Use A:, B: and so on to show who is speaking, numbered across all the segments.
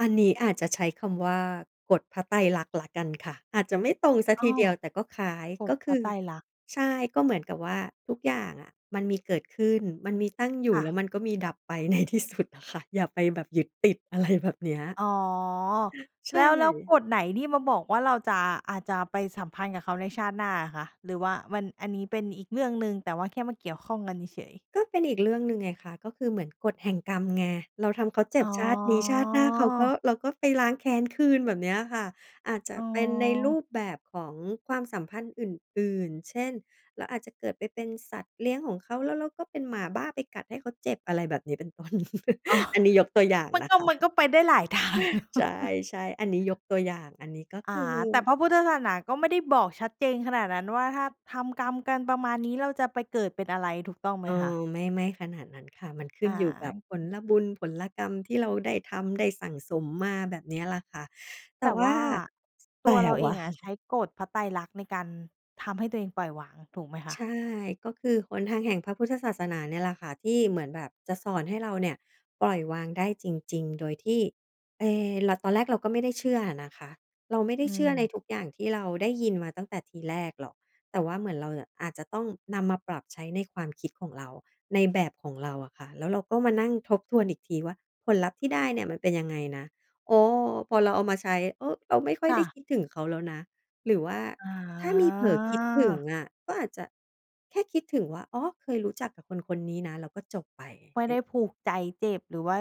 A: อันนี้อาจจะใช้คำว่ากฎพระไตรลักษณ์แล้วกันค่ะ อาจจะไม่ตรงเสีย
B: อ
A: ท
B: ้อ
A: ีเดียว แต่ก็คล้าย
B: ก
A: ก
B: ฎ
A: ็ค
B: พร
A: ื
B: ะ
A: อ
B: ไตรลักษณ์
A: ใช่ ก็เหมือนกับว่าทุกอย่างอะ มันมีเกิดขึ้น มันมีตั้งอย
B: ค
A: ู่
B: ่
A: แล้
B: ะ
A: วมันก็มีดับไป ในที่สุดอะค่ะ อย่าไปแบบยึดติด อะไรแบบเนี้ย
B: อ๋อ
A: ใช
B: แล้ว แล้ว
A: ่
B: กฎไหนที่มาบอกว่า เราจะ อาจจะไปสัมพันธ์กับเขาในชาติหน้าอะคะ หรือว่ามัน อันนี้เป็นอีกเรื่องหนึ่ง แต่ว่าแค่มาเกี่ยวข้องกันเฉย ๆ
A: ก็เป็นอีกเรื่องหนึ่งไงคะ ก็คือเหมือนกฎแห่งกรรมไง เราทำเขาเจ
B: อ
A: ็บ
B: ๋อ
A: ชาตินี้ ชาติหน้าเขาก็ เราก็ไปล้างแค้นคืน แบบเนี้ยค่ะ อาจจะ
B: อ๋
A: เป็นในร
B: อ
A: ูปแบบของความสัมพันธ์อื่น ๆ เช่น เราอาจจะเกิดไปเป็นสัตว์เลี้ยงของเขา แล้วเราก็เป็นหมาบ้าไปกัดให้เขาเจ็บ อะไรแบบนี้ เป็นต้น
B: อ๋อ
A: อันนี้ยกตัวอย่าง
B: มัน
A: นะ
B: ก็
A: คะ
B: มันก็ไปได้หลาย ทาง
A: ใช่ ๆ อันนี้ยกตัวอย่าง อันนี้ก็
B: อ
A: ค
B: า
A: ือ
B: แต่พระพุทธศาสนาก็ไม่ได้บอกชัดเจนขนาดนั้นว่า ถ้าทำกรรมกันประมาณนี้ เราจะไปเกิดเป็นอะไรถูกต้องไ
A: เ
B: หม
A: ออ
B: คะ?
A: ไม่ ไม่ขนาดนั้นค่ะ มันขึ้
B: อ
A: นอยู่กับผ
B: า
A: ลบุญผลกรรม ที่เราได้ทำได้สั่งสมมา แบบเนี้ยล่ะค่ะ แต่
B: แต่
A: ว
B: ว
A: ่า
B: ่า
A: แ
B: ต
A: ต่
B: ัวเราเอ
A: ว่า
B: งอะใช้กฎพระไตรลักษณ์ ในการทำให้ตัวเองปล่อยวางถูกไหมค
A: ใช
B: ะ?
A: ่ ก็คือหนทางแห่งพระพุทธศาสนาเนี่ยแหละค่ะ ที่เหมือนแบบจะสอนให้เราเนี่ย ปล่อยวางได้จริง ๆ โดยที่ เอ เรา ตอนแรกเราก็ไม่ได้เชื่ออะนะคะ เราไม่ได้
B: อื
A: เชื่อใน
B: ม
A: ทุกอย่างที่เราได้ยินมาตั้งแต่ทีแรกหรอก แต่ว่าเหมือนเราน่ะ อาจจะต้องนำมาปรับใช้ในความคิดของเรา ในแบบของเราอะค่ะ แล้วเราก็มานั่งทบทวนอีกทีว่าผลลัพธ์ที่ได้เนี่ยมันเป็นยังไงนะ โอ้ พอเราเอามาใช้ เออ เราไม่ค่อย
B: ค
A: ไ
B: ่
A: ด้
B: ะ
A: คิดถึงเขาแล้วนะ หรือว่า
B: อ
A: ถ้ามีเผลอคิดถึง
B: า
A: อะ ก็อาจจะแค่คิดถึงว่า อ๋อ เคยรู้จักกับคน ๆ นี้นะ แล้วก็จบไป
B: ไม่
A: อ
B: ไ
A: ึ
B: ด้ผูกใจเจ็บ หรือว่า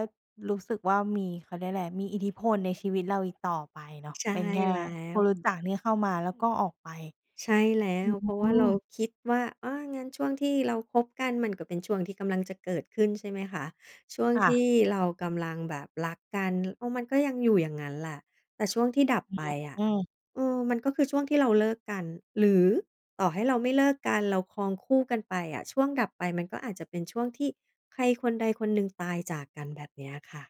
B: รู้สึกว่ามี เขาเรียกไร มีอิทธิพลในชีวิตเราอีกต่อไปเนาะ
A: ใช่
B: เป็นแค่
A: แล้
B: ค
A: ว
B: นรู้จักที่เข้ามา แล้วก็ออกไป
A: ใช่แล้
B: อื
A: ว เพราะว่าเรา
B: ม
A: คิดว่า อา งั้นช่วงที่เราคบกัน มันก็เป็นช่วงที่กำลังจะเกิดขึ้น ใช่ไหมคะ? ช่วง
B: ค่
A: ที
B: ะ
A: ่เรากำลังแบบรักกัน เออ มันก็ยังอยู่อย่างงั้นแหละ แต่ช่วงที่ดับ
B: อ
A: ไปอะ
B: ืม
A: เออ มันก็คือช่วงที่เราเลิกกัน หรือต่อให้เราไม่เลิกกัน เราครองคู่กันไปอะ ช่วงดับไปมันก็อาจจะเป็นช่วงที่ใครคนใดคนหนึ่งตายจากกัน แบบเนี้ยค่ะ